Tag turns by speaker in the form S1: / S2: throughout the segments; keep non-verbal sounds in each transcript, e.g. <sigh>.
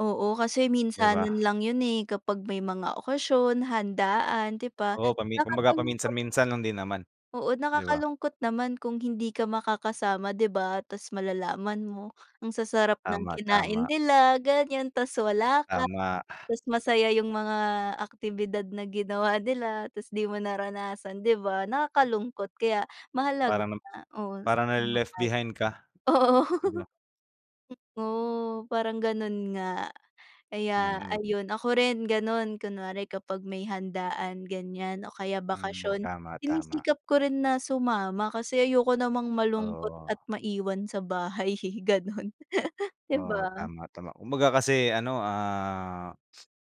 S1: Oo, kasi
S2: 'Di ba?
S1: minsanan lang yun eh, kapag may mga okasyon, handaan, 'di ba?
S2: Oo, pami 'kumbaga
S1: Nakakalungkot
S2: paminsan-minsan lang din naman,
S1: oo
S2: 'di ba?
S1: nakakalungkot naman kung hindi ka makakasama, 'di ba? Tas malalaman mo, ang sasarap ng
S2: Tama,
S1: kinain
S2: tama.
S1: nila ganyan, tas wala ka,
S2: Tama.
S1: tas masaya yung mga aktibidad na ginawa nila, tas di mo naranasan, 'di ba? Nakakalungkot kaya, mahalaga
S2: Parang na
S1: na oo
S2: parang nale-left behind ka,
S1: <unintelligible> Oo.
S2: 'di ba?
S1: Totoo parang ganun nga. Kaya
S2: Mhm.
S1: ayun, ako rin ganun, kunwari kapag may handaan, ganyan o kaya
S2: Mm.
S1: bakasyon,
S2: Tama, tama.
S1: sinisikap ko rin na sumama kasi ayoko namang malungkot
S2: Oo.
S1: at maiwan sa bahay eh, ganun, 'di
S2: Oo,
S1: ba?
S2: tama, tama kumbaga kasi ano, ah,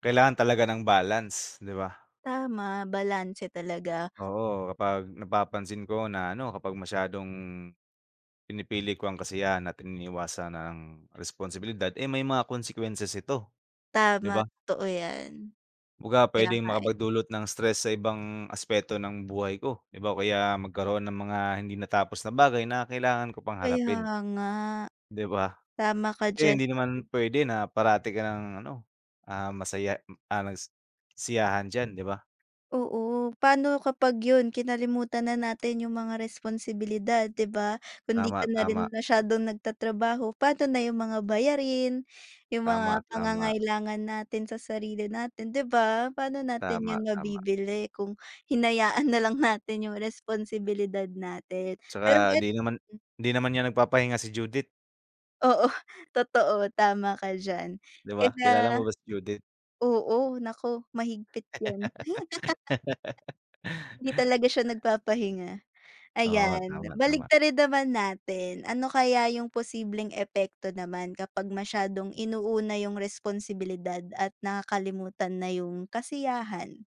S2: kailangan talaga ng balance, 'di ba?
S1: Tama, balanse talaga.
S2: Oo, kapag napapansin ko na ano, kapag masyadong, pinipili ko ang kasiyahan at iniiwasan ang responsibilidad eh, may mga consequences ito, 'di ba?
S1: Tama, totoo yan.
S2: Kumbaga
S1: Kaya
S2: pwedeng
S1: nga, eh.
S2: makapag-dulot ng stress sa ibang aspeto ng buhay ko, 'di ba? O kaya magkaroon ng mga hindi natapos na bagay na kailangan ko pang
S1: Kaya
S2: harapin.
S1: nga.
S2: 'Di ba?
S1: Tama ka
S2: Eh,
S1: diyan
S2: hindi
S1: kasi
S2: naman pwede na parati kang ano, ah, masaya, ah, nagsisiyahan diyan, 'di ba?
S1: Oo. Paano kapag yun, kinalimutan na natin yung mga responsibilidad, 'di ba? Kung di ka
S2: Tama,
S1: na
S2: tama.
S1: rin masyadong nagtatrabaho, paano na yung mga bayarin, yung
S2: Tama,
S1: mga
S2: tama.
S1: pangangailangan natin sa sarili natin, 'di ba? Paano natin
S2: Tama,
S1: yun
S2: tama.
S1: mabibili kung hinayaan nalang natin yung responsibilidad natin? Pero
S2: 'Tsaka
S1: et
S2: hindi naman hindi naman yan nagpapahinga si Judith.
S1: Oo, totoo tama ka diyan.
S2: 'Di ba?
S1: Kaya
S2: Kilala mo ba si Judith?
S1: oo naku, mahigpit yan. <laughs> Hindi
S2: <laughs>
S1: talaga siya nag-papahinga.
S2: Oo.
S1: Ayan,
S2: Tama, ama.
S1: baliktarin naman natin, ano kaya yung posibleng epekto naman kapag masyadong inuuna yung responsibilidad at nakakalimutan na yung kasiyahan?